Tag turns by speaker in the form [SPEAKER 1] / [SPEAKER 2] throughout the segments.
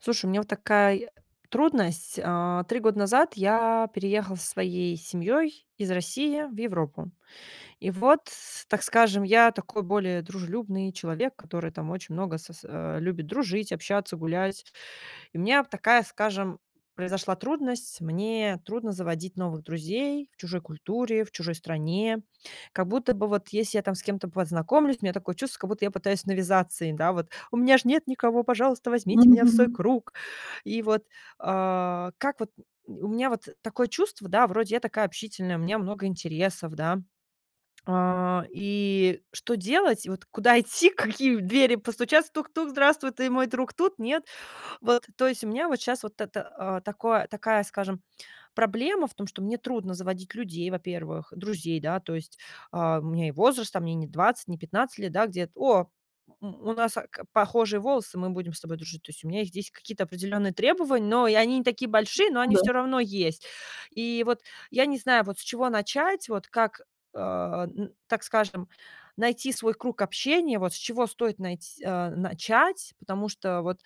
[SPEAKER 1] Слушай, у меня, вот, такай трудность, а, 3 года назад я переехала со своей семьей из России в Европу. И вот, так скажем, я такой более дружелюбный человек, который, там, очень много сос а, любит дружить, общаться, гулять. И меня б такая, скажем, произошла трудность: мне трудно заводить новых друзей в чужой культуре, в чужой стране, как будто бы вот, еси я там с кем-то познакомлюсь, у меня такое чувство, как будто я пытаюсь навязаться им, да, вот: "У меня ж нет никого. Пожалуйста, возьмите меня в свой
[SPEAKER 2] Мгм.
[SPEAKER 1] круг!" И вот, а, как вот у меня, вот, такое чувство, да, вроде я такая общительная, у меня много интересов, да, а, и что делать? Вот, куда идти? Какие в двери постучаться? "Тук-тук, здравствуй, ты мой друг тут? Нет?" Вот, то есть у меня, вот, щас вот это, а, такое такая, скажем, проблема в том, что мне трудно заводить людей, во-первых, друзей, да, то есть, э, у меня и возраст, а мне не 20, не 15 лет, да, где-то. "О! У нас, э, к похожие волосы, мы будем с тобой дружить". То есть у меня их здесь какие-то определенные требования, но и они не такие большие, но
[SPEAKER 2] Ну
[SPEAKER 1] они
[SPEAKER 2] да.
[SPEAKER 1] всё равно есть. И вот я не знаю, вот с чего начать, вот как, а, н так скажем, найти свой круг общения, вот, с чего стоит найт а, начать, потому что вот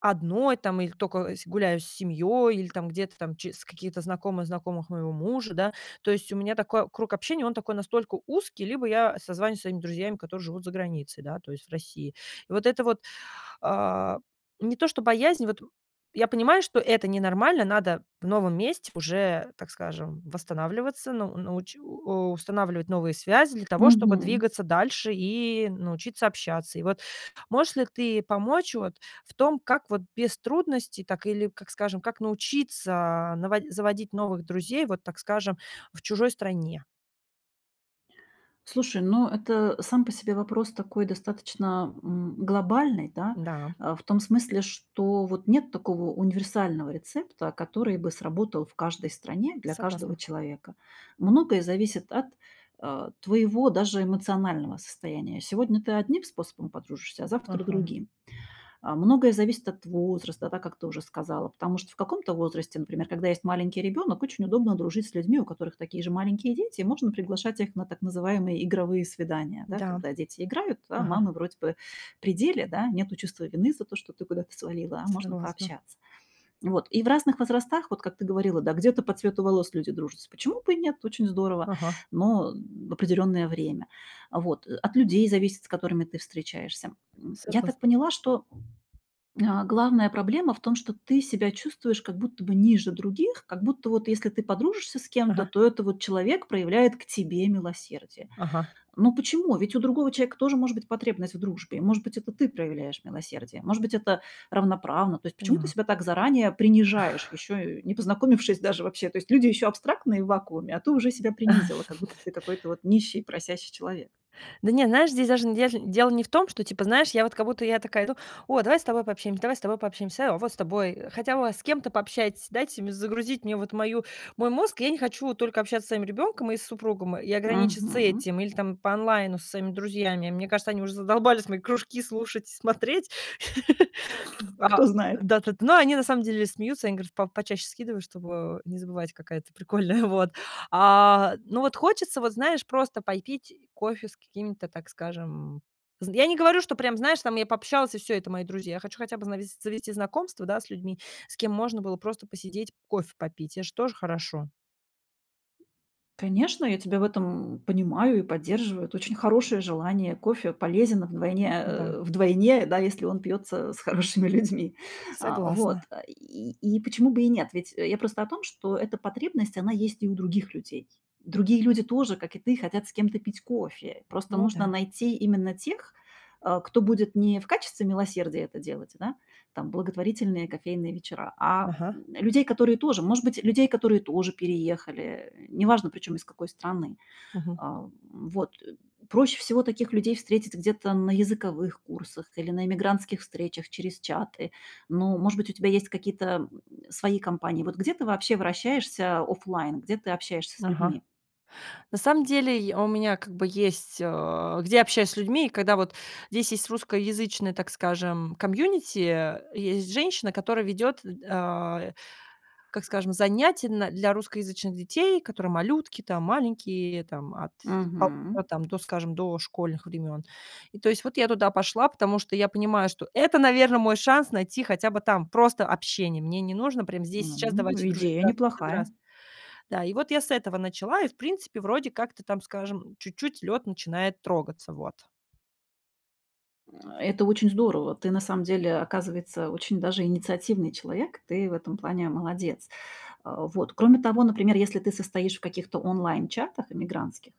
[SPEAKER 1] одной, там, иль только с гуляю с семьёй или там где-то там ч с какие-то знакомые знакомых моего мужа, да. То есть у меня такой круг общения, он такой настолько узкий, либо я созваниваюсь со своими друзьями, которые живут заграницей, да, то есть в России. И вот это вот, а, не то, что боязнь, вот я понимаю, что это ненормально, надо в новом месте уже, так скажем, восстанавливаться, ну ну уч у устанавливать новые связи для того, чтобы
[SPEAKER 2] Мгм.
[SPEAKER 1] двигаться дальше и научиться общаться. И вот можешь ли ты помочь, вот, в том, как, вот, без трудностей так или, как скажем, как научиться наво заводить новых друзей, вот, так скажем, в чужой стране?
[SPEAKER 2] Слушай, ну, это сам по себе вопрос такой достаточно, м, глобальный, да.
[SPEAKER 1] Да.
[SPEAKER 2] А, в том смысле, что, вот, нет такого универсального рецепта, который бы сработал в каждой стране для каждого
[SPEAKER 1] Согласна.
[SPEAKER 2] человека. Многое зависит от, э, твоего даже эмоционального состояния. Сегодня ты одним способом подружишься, а завтра
[SPEAKER 1] Ага.
[SPEAKER 2] другим. А, многое зависит от возраста, да, как ты уже сказала, потому что в каком-то возрасте, например, когда есть маленький ребенок, очень удобно дружить с людьми, у которых такие же маленькие дети, и можно приглашать их на так называемые игровые свидания, да.
[SPEAKER 1] Да.
[SPEAKER 2] Когда дети играют, а
[SPEAKER 1] Ага.
[SPEAKER 2] мамы вроде бы при деле, да, нету чувства вины за то, что ты куда-то свалила, а можно
[SPEAKER 1] Согласна.
[SPEAKER 2] пообщаться. И вот, и в разных возрастах, вот как ты говорила, да, где-то по цвету волос люди дружатся. Почему бы и нет? Очень здорово,
[SPEAKER 1] Ага.
[SPEAKER 2] но в определенное время. А, вот. От людей зависит, с которыми ты встречаешься. М. Я
[SPEAKER 1] Согласн
[SPEAKER 2] так поняла, что Э, главная проблема в том, что ты себя чувствуешь как будто бы ниже других, как будто, вот, если ты подружишься с кем-то,
[SPEAKER 1] Ага.
[SPEAKER 2] то это вот человек проявляет к тебе милосердие.
[SPEAKER 1] Ага.
[SPEAKER 2] Но почему? Ведь у другого человека тоже может быть потребность в дружбе. Может быть, это ты проявляешь милосердие, может быть, это равноправно. То есть почему ты
[SPEAKER 1] Поняла.
[SPEAKER 2] себя так заранее принижаешь, ещё, э, не познакомившись даже вообще? То есть, люди ещё абстрактные в вакууме, а ты уже себя принизила, как будто ты какой-то вот нищий, просящий человек.
[SPEAKER 1] Да не, знаешь, здесь даже н ежн дело не в том, что, типа, знаешь, я вот как будто я такая иду: "О, давай с тобой пообщаемся, давай с тобой пообщаемся, а, о, вот с тобой, хотя бы с кем-то пообщайтесь, дайте мне загрузить вот мою мой мозг". Я не хочу только общаться со своим ребенком и с супругом, и ограничиться
[SPEAKER 2] Мгм.
[SPEAKER 1] этим или там по онлайну со своими друзьями. Мне кажется, они уже задолбались мои кружки слушать и смотреть. А,
[SPEAKER 2] Кто знает?
[SPEAKER 1] да т т Но они на самом деле смеются, они говорят по почаще скидываю, чтобы не забывать, какая ты прикольная, вот. А, но вот хочется вот, знаешь, просто пой пить кофе с какими то так скажем з я не говорю, что прям, знаешь, я пообщалась и всё, это- мои друзья. Я хочу хотя бы знавес завести знакомств, да, с людьми, с кем можно было просто посидеть кофе попить. Это же тоже хорошо.
[SPEAKER 2] Конечно, я тебя в этом, м, понимаю и поддерживаю. Это очень хорошее желание. Кофе полезен вдвойне
[SPEAKER 1] Да.
[SPEAKER 2] э, вдвойне, да, если он пьется с хорошими людьми. А,
[SPEAKER 1] Согласна.
[SPEAKER 2] вот. И и почему бы и нет? Ведь я просто о том, что эта потребность, она есть и у других людей. Другие люди тоже, как и ты, хотят с кем-то пить кофе, просто
[SPEAKER 1] Ну
[SPEAKER 2] нужно
[SPEAKER 1] да.
[SPEAKER 2] найти именно тех, э, кто будет не в качестве милосердия это делать, да, там, благотворительные кофейные вечера, а,
[SPEAKER 1] Ага.
[SPEAKER 2] м, людей, которые тоже может быть, людей, которые тоже переехали, неважно, причём из какой страны.
[SPEAKER 1] Мгм.
[SPEAKER 2] А, м, вот. Проще всего таких людей встретить где-то на языковых курсах или на иммигрантских встречах через чаты. Ну, может быть, у тебя есть какие-то, м, свои кампании. Вот где ты вообще вращаешься офлайн, где ты общаешься с людьми?
[SPEAKER 1] Ага. На самом деле, и, у меня как бы есть, э, где я общаюсь с людьми, когда, вот Здесь есть русскоязычное, так скажем, комьюнити, э, есть женщина, которая ведет, э, а, как скажем, занятия на для русскоязычных детей, которые малютки там маленькие, там от
[SPEAKER 2] Мгм.
[SPEAKER 1] 1,5 там до, скажем, дошкольных времен. И то есть вот я туда пошла, потому что я понимаю, что это наверное, мой шанс найти хотя бы там просто общение, мне не нужно прям здесь и сейчас
[SPEAKER 2] М.
[SPEAKER 1] "давайте дружить",
[SPEAKER 2] Идея
[SPEAKER 1] да, здрас
[SPEAKER 2] неплохая.
[SPEAKER 1] здраствуйте. Да, и вот я с этого начала и в принципе, вроде как то там, скажем, чуть-чуть лед начинает трогаться, вот.
[SPEAKER 2] Э, это очень здорово, ты на самом деле, оказывается, очень даже инициативный человек, ты в этом плане молодец. А, вот. Кроме того, например, если ты состоишь в каких-то онлайн чатах иммигрантских,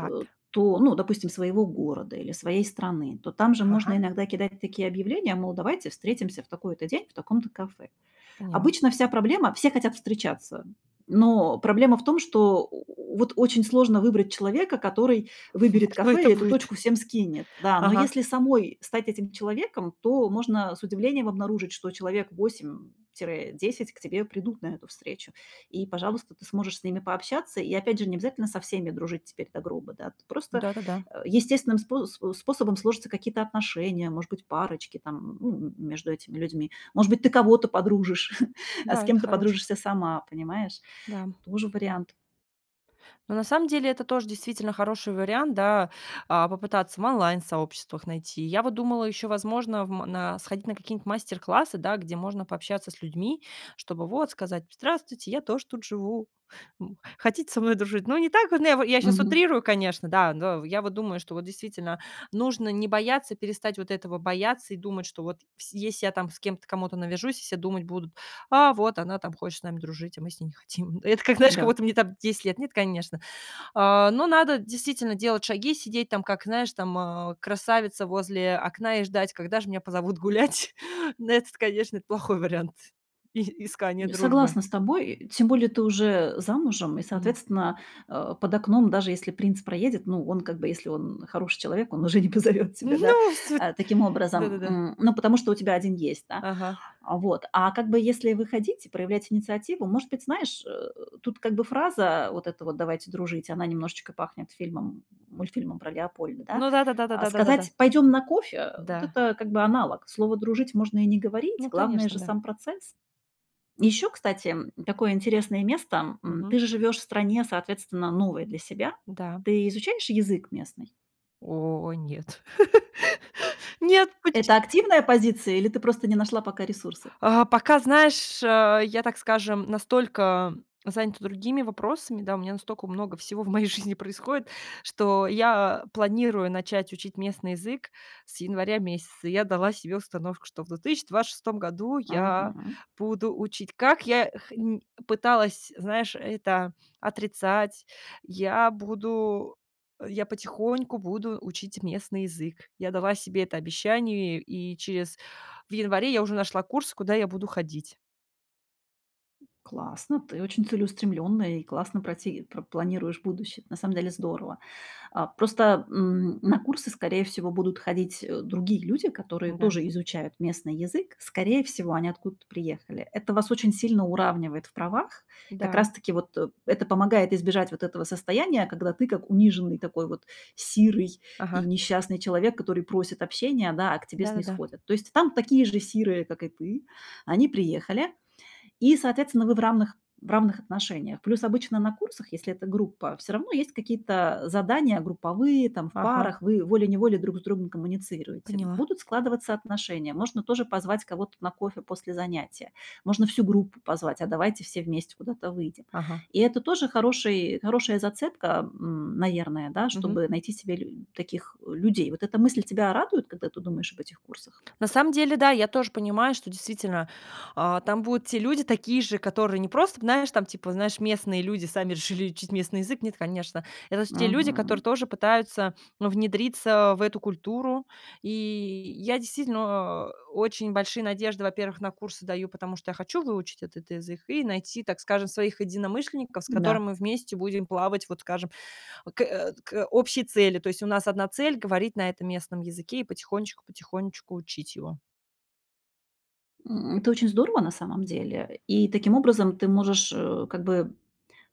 [SPEAKER 2] э, то ну, допустим, своего города или своей страны, то там же можно
[SPEAKER 1] Ага.
[SPEAKER 2] иногда кидать такие объявления, мол, давайте встретимся в такой-то день в таком-то кафе.
[SPEAKER 1] Поняла.
[SPEAKER 2] Обычно вся проблема все хотят встречаться, но проблема в том, что, о, вот, очень сложно выбрать человека, который выберет
[SPEAKER 1] Кто
[SPEAKER 2] кафе
[SPEAKER 1] это
[SPEAKER 2] и эту
[SPEAKER 1] будет?
[SPEAKER 2] точку всем скинет. Да, но
[SPEAKER 1] Ага.
[SPEAKER 2] если самой стать этим человеком, то можно с удивлением обнаружить, что человек 8 тире 10 к тебе придут на эту встречу, и, пожалуйста, ты сможешь с ними пообщаться. И опять же не обязательно со всеми дружить теперь до гроба, да, просто
[SPEAKER 1] Да-да-да.
[SPEAKER 2] естественным спо э, способом сложатся какие-то отношения, может быть, парочки, ну, м между этими людьми. Может быть, ты кого-то подружишь, а с
[SPEAKER 1] Да, это
[SPEAKER 2] кем-то
[SPEAKER 1] хорош
[SPEAKER 2] подружишься сама, понимаешь?
[SPEAKER 1] Да.
[SPEAKER 2] Тоже вариант.
[SPEAKER 1] Ну, на самом деле это тоже действительно хороший вариант, да, а, попытаться в онлайн сообществах найти. Я вот думала ещё возможно, в ма на сходить на какие нибудь мастер-классы, да, где можно пообщаться с людьми, чтобы вот сказать: "Здравствуйте, я тоже тут живу, м, хотите со мной дружить?" Ну, не так вот, ну я во я щас
[SPEAKER 2] Мгм.
[SPEAKER 1] утрирую, конечно, да, но я вот думаю, что вот, действительно, нужно не бояться, перестать вот этого бояться и думать, что вот вс если я там с кем-то, кому-то навяжусь, все думать будут: "А вот она там хочет с нами дружить, а мы с ней не хотим". Это как знаешь, как
[SPEAKER 2] Да.
[SPEAKER 1] будто мне там 10 лет. Нет, конечно. А, но надо, действительно, делать шаги, сидеть там, как знаешь, там, э, красавица возле окна и ждать, когда же меня позовут гулять. Ну этот, конечно, плохой вариант и искания
[SPEAKER 2] И
[SPEAKER 1] дружбы.
[SPEAKER 2] Согласна с тобой, э, тем более, ты уже замужем и,
[SPEAKER 1] Мгм.
[SPEAKER 2] соответственно, э, под окном, даже если принц проедет, ну, он как бы, если он хороший человек, он уже не позовёт тебя, да,
[SPEAKER 1] Ну! Всё т
[SPEAKER 2] а, таким образом
[SPEAKER 1] Да-да-да.
[SPEAKER 2] м, ну, потому что у тебя 1 есть, да.
[SPEAKER 1] Ага.
[SPEAKER 2] А, вот. А как бы если выходить и проявлять инициативу, может быть, знаешь, э, тут как бы фраза вот эта вот: "Давайте дружить"- она немножечко пахнет фильмом мультфильмом про Леопольда, да?
[SPEAKER 1] Ну да, да, да, да,
[SPEAKER 2] А
[SPEAKER 1] да, да, да, да.
[SPEAKER 2] сказать: "Пойдём на кофе"- э,
[SPEAKER 1] Да.
[SPEAKER 2] это как бы аналог, слово "дружить" можно и не говорить,
[SPEAKER 1] Ну,
[SPEAKER 2] главное
[SPEAKER 1] конечно,
[SPEAKER 2] же
[SPEAKER 1] да.
[SPEAKER 2] сам процесс. И ещё, кстати, м, такое интересное место, м. Ты
[SPEAKER 1] Мгм.
[SPEAKER 2] же живешь в стране, соответственно, новой для себя.
[SPEAKER 1] Да.
[SPEAKER 2] Ты изучаешь язык местный?
[SPEAKER 1] О, нет! Нет, поче
[SPEAKER 2] Это активная позиция или ты просто не нашла пока ресурсы?
[SPEAKER 1] А, пока, знаешь, э, я, так скажем, настолько занята другими вопросами, да, у меня настолько много всего в моей жизни происходит, что я планирую начать учить местный язык с января месяца, я дала себе установку, что в 2026 году я
[SPEAKER 2] Мгм.
[SPEAKER 1] буду учить, как я х м, пыталась, знаешь, это отрицать, я буду я потихоньку буду учить местный язык. Я дала себе это обещание и через в январе я уже нашла курс, куда я буду ходить.
[SPEAKER 2] Классно, ты очень целеустремлённая и классно прати пр планируешь будущее. На самом деле здорово. Э, просто, м, на курсы, скорее всего, будут ходить, э, другие люди, которые
[SPEAKER 1] Да.
[SPEAKER 2] тоже изучают местный язык. Скорее всего, они откуда-то приехали. Это вас очень сильно уравнивает в правах. Как
[SPEAKER 1] Да.
[SPEAKER 2] раз таки вот это помогает избежать вот этого состояния, когда ты как униженный, такой вот сирый и
[SPEAKER 1] Ага.
[SPEAKER 2] несчастный человек, который просит общения, да, а к тебе
[SPEAKER 1] Да-да-да.
[SPEAKER 2] снисходят. То есть там такие же сирые, как и ты, они приехали, и, соответственно, вы в равных в равных отношениях. Плюс обычно на курсах, если это группа, все равно есть какие-то задания групповые, там в
[SPEAKER 1] Ага.
[SPEAKER 2] парах, вы волей-неволей друг с другом коммуницируете.
[SPEAKER 1] Поняла.
[SPEAKER 2] Будут складываться отношения, можно тоже позвать кого-то на кофе после занятия, можно всю группу позвать: "А давайте все вместе куда-то выйдем!".
[SPEAKER 1] Ага.
[SPEAKER 2] И это тоже хороший хорошая зацепка, м, наверное, да,
[SPEAKER 1] Мгм.
[SPEAKER 2] чтобы найти себе лю таких людей. Вот эта мысль тебя радует, когда ты думаешь об этих курсах?
[SPEAKER 1] На самом деле, да, я тоже понимаю, что действительно, э, там будут те люди такие же, которые не просто, знаешь, там типа, знаешь, местные люди сами решили учить местный язык. Нет, конечно. Это те люди,
[SPEAKER 2] Мгм.
[SPEAKER 1] которые тоже пытаются, ну, внедриться в эту культуру. И, я действительно, э, очень большие надежды, во-первых, на курсы даю, потому, что я хочу выучить этот язык и найти, так скажем, своих единомышленников, с которыми
[SPEAKER 2] Да.
[SPEAKER 1] мы вместе будем плавать, вот скажем, к э, к к общей цели. То есть, у нас одна цель- говорить на этом местном языке и потихонечку, потихонечку учить его.
[SPEAKER 2] М, это очень здорово, на самом деле. И таким образом ты можешь, э, как бы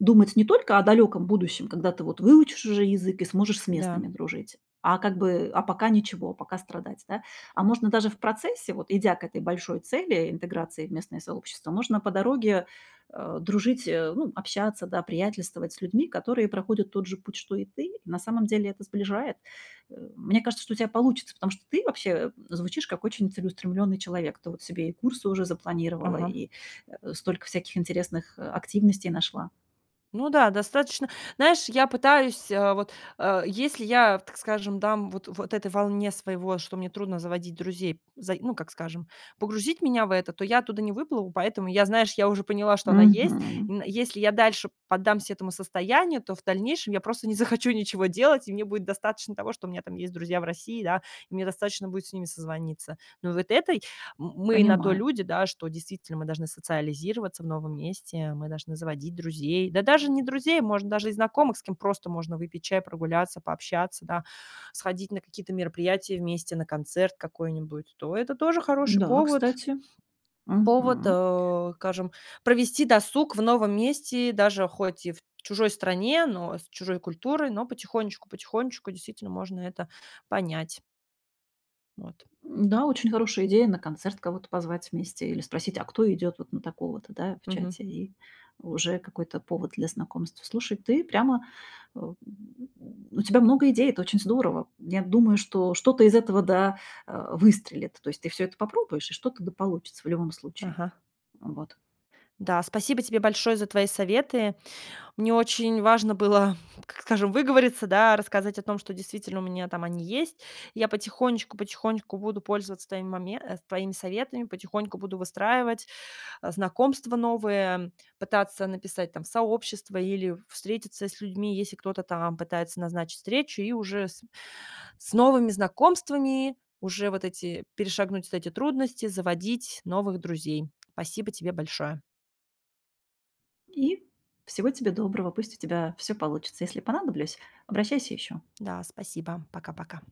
[SPEAKER 2] думать не только о далеком будущем, когда ты вот выучишь уже язык и сможешь с
[SPEAKER 1] Да.
[SPEAKER 2] местными дружить, а как бы, а пока ничего, пока страдать, да. А можно даже в процессе, вот идя к этой большой цели интеграции в местное сообщество, можно по дороге, э, дружить, э, ну, общаться, да, приятельствовать с людьми, которые проходят тот же путь, что и ты, и на самом деле это сближает. Э, мне кажется, что у тя получится, потому что ты вообще, м, звучишь как очень целеустремленный человек. Ты вот себе и курсы уже запланировала,
[SPEAKER 1] Ага.
[SPEAKER 2] и, э, столько всяких интересных, э, активностей нашла.
[SPEAKER 1] Ну да, достаточно, знаешь, я пытаюсь, э, вот, э, если я, в так скажем, да, м, вот вот этой волне своего, что мне трудно заводить друзей, заи ну, как скажем, погрузить меня в это, то я оттуда не выплыву, поэтому я, знаешь, я уже поняла, что она есть. И
[SPEAKER 2] Мгм.
[SPEAKER 1] н если я дальше поддамся этому состоянию, то в дальнейшем я просто не захочу ничего делать, и мне будет достаточно того, что у меня там есть друзья в России, да, и мне достаточно будет с ними созвониться. Но вот этой м-мы на то
[SPEAKER 2] Понимаю.
[SPEAKER 1] люди, да, что действительно, мы должны социализироваться в новом месте, мы должны заводить друзей, да даже не друзей, может, даже и знакомых, с кем просто можно выпить чай, прогуляться, пообщаться, да, сходить на какие-то мероприятия вместе, на концерт какой-нибудь, то это тоже хороший
[SPEAKER 2] Да,
[SPEAKER 1] повод.
[SPEAKER 2] кстати.
[SPEAKER 1] Повод,
[SPEAKER 2] Мгм.
[SPEAKER 1] э, скажем, провести досуг в новом месте, даже хоть и в чужой стране, но с чужой культурой, но потихонечку, потихонечку действительно можно это понять. Вот.
[SPEAKER 2] М-да, очень хорошая идея- на концерт кого-то позвать вместе или спросить: "А кто идет вот на такого-то?", Да, в
[SPEAKER 1] Мгм.
[SPEAKER 2] чате, и уже какой-то повод для знакомства. Слушай, ты прямо э, м, у тебя много идей, это очень здорово. Я думаю, что что-то из этого да, э, выстрелит. То есть ты все это попробуешь, и что-то да получится в любом случае.
[SPEAKER 1] Ага.
[SPEAKER 2] Вот.
[SPEAKER 1] Да, спасибо тебе большое за твои советы. Мне очень важно было, так скажем, выговориться, да, рассказать о том, что действительно у меня там они есть. Я потихонечку, потихонечку буду пользоваться твоими моме э, твоими советами, потихоньку буду выстраивать, э, знакомства новые, м, пытаться написать там сообщество или встретиться с людьми, если кто-то там пытается назначить встречу, и уже с с новыми знакомствами уже вот эти перешагнуть эти трудности заводить новых друзей. Спасибо тебе большое.
[SPEAKER 2] И всего тебе доброго, пусть у тебя всё получится. Если понадоблюсь, обращайся еще.
[SPEAKER 1] Да, спасибо. Пока, пока.